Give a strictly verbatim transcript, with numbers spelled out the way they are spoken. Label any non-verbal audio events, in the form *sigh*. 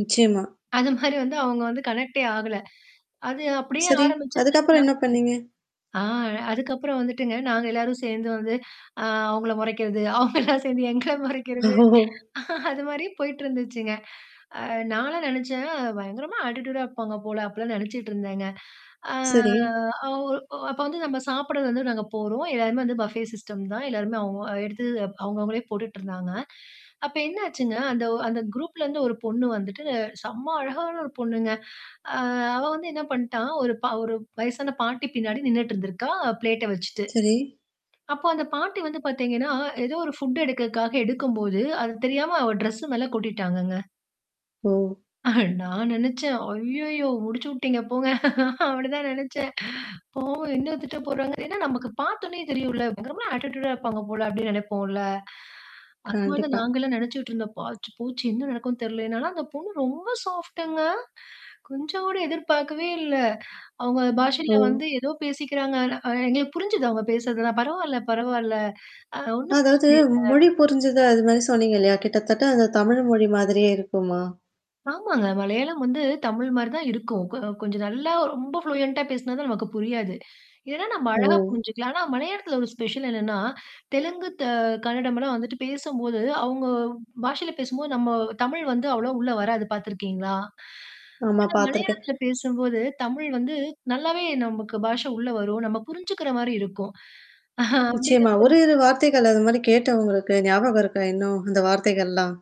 நிச்சயமா. அந்த மாரி வந்து அவங்க வந்து கனெக்டே ஆகல. அது அப்படியே சரி. அதுக்கு அப்புறம் ஆரம்பிச்சதுதான் என்ன பண்ணீங்க? ஆ, அதுக்கப்புறம் வந்துட்டுங்க, நாங்க எல்லாரும் சேந்து வந்து, ஆ அவங்கள மொறைக்கிறது. அவங்க எல்லாம் சேந்து எங்கள ஓ! மொறைக்கிறது அது மாரி போயிட்டுருந்துச்சுங்க. ஆ நான்லாம் நெனைச்சேன், "பயங்கரமா அட்டிட்யூடா இருப்பாங்க போல" அப்படிலாம் நெனைச்சிட்ருந்தேங்க. ஆ சரி. அவர் அப்போ வந்து நம்ம சாப்பிட வந்து நாங்க போறோம். எல்லாமே வந்து பஃபே சிஸ்டம் தான். எல்லோருமே அவங்க எடுத்து அவங்கவங்களே போட்டுட்டு இருந்தாங்க. அப்போ என்னாச்சுன்னா, அந்த ஒ அந்த குரூப்லேருந்து ஒரு பொண்ணு வந்துட்டு செம்ம அழகான ஒரு பொண்ணுங்க. ஆ அவ வந்து என்ன பண்ட்டா, ஒரு பா ஒரு வயசான பாட்டி பின்னாடி நின்னுட்டு இருந்திருக்கா ப்ளேட்ட வச்சிட்டு. சரி. அப்போ அந்த பாட்டி வந்து பாத்தீங்கன்னா, ஏதோ ஒரு ஃபுட் எடுக்குறதுக்காக எடுக்கும்போது, அது தெரியாம அவ டிரெஸ் மேலே கொட்டிட்டாங்கங்க. ஓ! *chuckles* நான் நெனச்சேன், "அய்யயோ! முடிச்சு விட்டீங்க போங்க!" அப்படிதான் நெனச்சேன் பாவம் என்ன திட்ட போறாங்க, ஏன்னா நமக்கு பாத்தொடனே தெரியும்ல? பயங்கரமா ஆட்டிட்யூடா இருப்பாங்க போல அப்படின்னு நினைப்போம்ல? அது மாதிரி கண்டிப்பா. நாங்களும் நினைச்சுட்டு இருந்தோம். ஆச்சி போச்சு என்ன நடக்கும்னு தெரியல. என்னன்னா அந்த பொண்ணு ரொம்ப சாஃப்ட்ங்க. கொஞ்சம் கூட எதிர்பார்க்கவே இல்லை. அவங்க ஓ! பாஷையில வந்து ஏதோ பேசிக்கிறாங்க. ஆனா அ, எங்களுக்கு புரிஞ்சுது அவங்க பேசுறதெல்லாம், "பரவால்ல, பரவால்ல. அது ஒண்ணும் அதாவது பிரச்சனை இல்ல." மொழி புரிஞ்சது, அது மாரி சொன்னிங்க. இல்லையா? கிட்டத்தட்ட அந்த தமிழ் மொழி மாதிரியே இருக்குமா? ஆமாங்க. மலையாளம் வந்து தமிழ் மாரி தான் இருக்கும். கொ கொஞ்சம் நல்லா ரொம்ப ப்ளூயன்ட்டா பேசுனா தான் நமக்கு புரியாது. இல்லேன்னா நாம அழகா ஓ! புரிஞ்சுக்கலாம். ஆனா மலையாளத்தில ஒரு ஸ்பெஷல் என்னன்னா, தெலுங்கு த, கன்னடம் எல்லாம் வந்துட்டு பேசம்போது, அவங்க பாஷையில பேசும்போது நம்ம தமிழ் வந்து அவ்வளவா உள்ளே வராது பாத்துருக்கீங்களா? ஆமா, ஆனா பாத்துருக்கேன். மலையாளத்தில பேசும்போது, தமிழ் வந்து நல்லாவே நமக்கு பாஷை உள்ள வரும். நம்ம புரிஞ்சுக்குற மாரி இருக்கும். அப்படிங்குற நிச்சயமா. ஒரு போது இரு வார்த்தைகள் அது மாரி கேட்ட உங்களுக்கு ஞாபகம் இருக்கா இன்னும் அந்த வார்த்தைகள்லாம்?